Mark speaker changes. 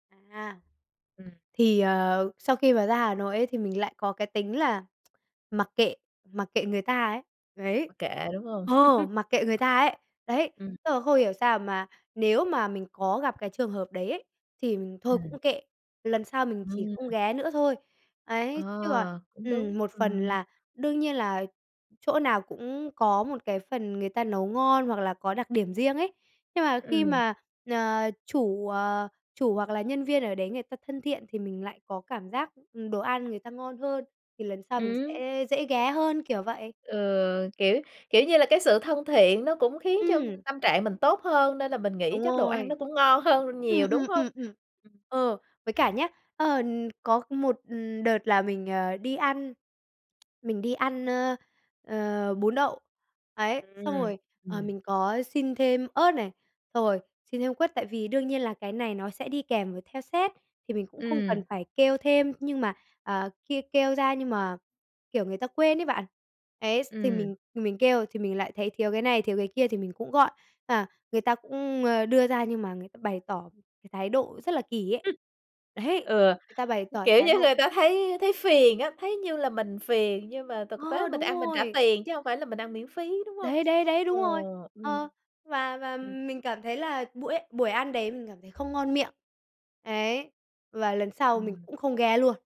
Speaker 1: À,
Speaker 2: Ừm.
Speaker 1: thì, ờ, sau khi mà ra Hà Nội ấy, thì mình lại có cái tính là mặc kệ mặc kệ người ta ấy, đấy,
Speaker 2: Mặc kệ, đúng hông?
Speaker 1: ờ, mặc kệ người ta ấy, đấy,
Speaker 2: Ừm.
Speaker 1: tức là không hiểu sao mà nếu mà mình có gặp cái trường hợp đấy ấy, thì mình thôi
Speaker 2: Ừm.
Speaker 1: cũng kệ, lần sau mình chỉ không
Speaker 2: Ừm.
Speaker 1: ghé nữa thôi. Ấy, chứ còn
Speaker 2: Ờ, cũng
Speaker 1: ừm,
Speaker 2: đúng,
Speaker 1: một phần
Speaker 2: ừm.
Speaker 1: là đương nhiên là chỗ nào cũng có một cái phần người ta nấu ngon hoặc là có đặc điểm riêng ấy, nhưng mà khi
Speaker 2: Ừm.
Speaker 1: mà, ờ, chủ, ờ, chủ hoặc là nhân viên ở đấy người ta thân thiện, thì mình lại có cảm giác, ừm, đồ ăn người ta ngon hơn thì lần sau mình
Speaker 2: Ừm.
Speaker 1: sẽ dễ ghé hơn, kiểu vậy.
Speaker 2: Ừ, kiểu, kiểu như là, cái sự thân thiện nó cũng khiến cho
Speaker 1: Ừm.
Speaker 2: tâm trạng mình tốt hơn nên là mình nghĩ
Speaker 1: Đúng
Speaker 2: chắc đồ ăn nó
Speaker 1: rồi,
Speaker 2: cũng ngon hơn nhiều,
Speaker 1: ừm,
Speaker 2: đúng
Speaker 1: ừm,
Speaker 2: hông?
Speaker 1: ừm, ừm.
Speaker 2: Ừm.
Speaker 1: Ờ, với cả nhá, ờ, có một đợt là mình, ờ, đi ăn mình đi ăn, ơ, ờ, bún đậu, ấy. Xong
Speaker 2: Ừm,
Speaker 1: rồi, ờ,
Speaker 2: ừm.
Speaker 1: mình có xin thêm ớt này, xong rồi xin thêm quất, tại vì đương nhiên là cái này nó sẽ đi kèm với theo set thì mình cũng không
Speaker 2: Ừm.
Speaker 1: cần phải kêu thêm, nhưng mà, ờ, kia kêu ra nhưng mà, kiểu, người ta quên ấy bạn. Ấy, s thì
Speaker 2: Ừm.
Speaker 1: mình mình kêu thì mình lại thấy thiếu cái này, thiếu cái kia thì mình cũng gọi, à, người ta cũng, ơ, đưa ra nhưng mà người ta bày tỏ cái thái độ rất là kỳ ấy, đấy,
Speaker 2: Ừ,
Speaker 1: người ta bày tỏ
Speaker 2: kiểu,
Speaker 1: thái
Speaker 2: như
Speaker 1: độ.
Speaker 2: người ta thấy thấy phiền á thấy như là mình phiền, nhưng mà thực tế
Speaker 1: Ờ,
Speaker 2: mình
Speaker 1: đúng
Speaker 2: ăn mình trả
Speaker 1: rồi.
Speaker 2: tiền chứ hông phải là mình ăn miễn phí, đúng hông?
Speaker 1: Đấy, đấy, đấy,
Speaker 2: Ờ,
Speaker 1: đúng rồi.
Speaker 2: ừm.
Speaker 1: Ờ, và và mình cảm thấy là buổi buổi ăn đấy mình cảm thấy không ngon miệng, ấy, và lần sau mình
Speaker 2: Ừm.
Speaker 1: cũng không ghé luôn.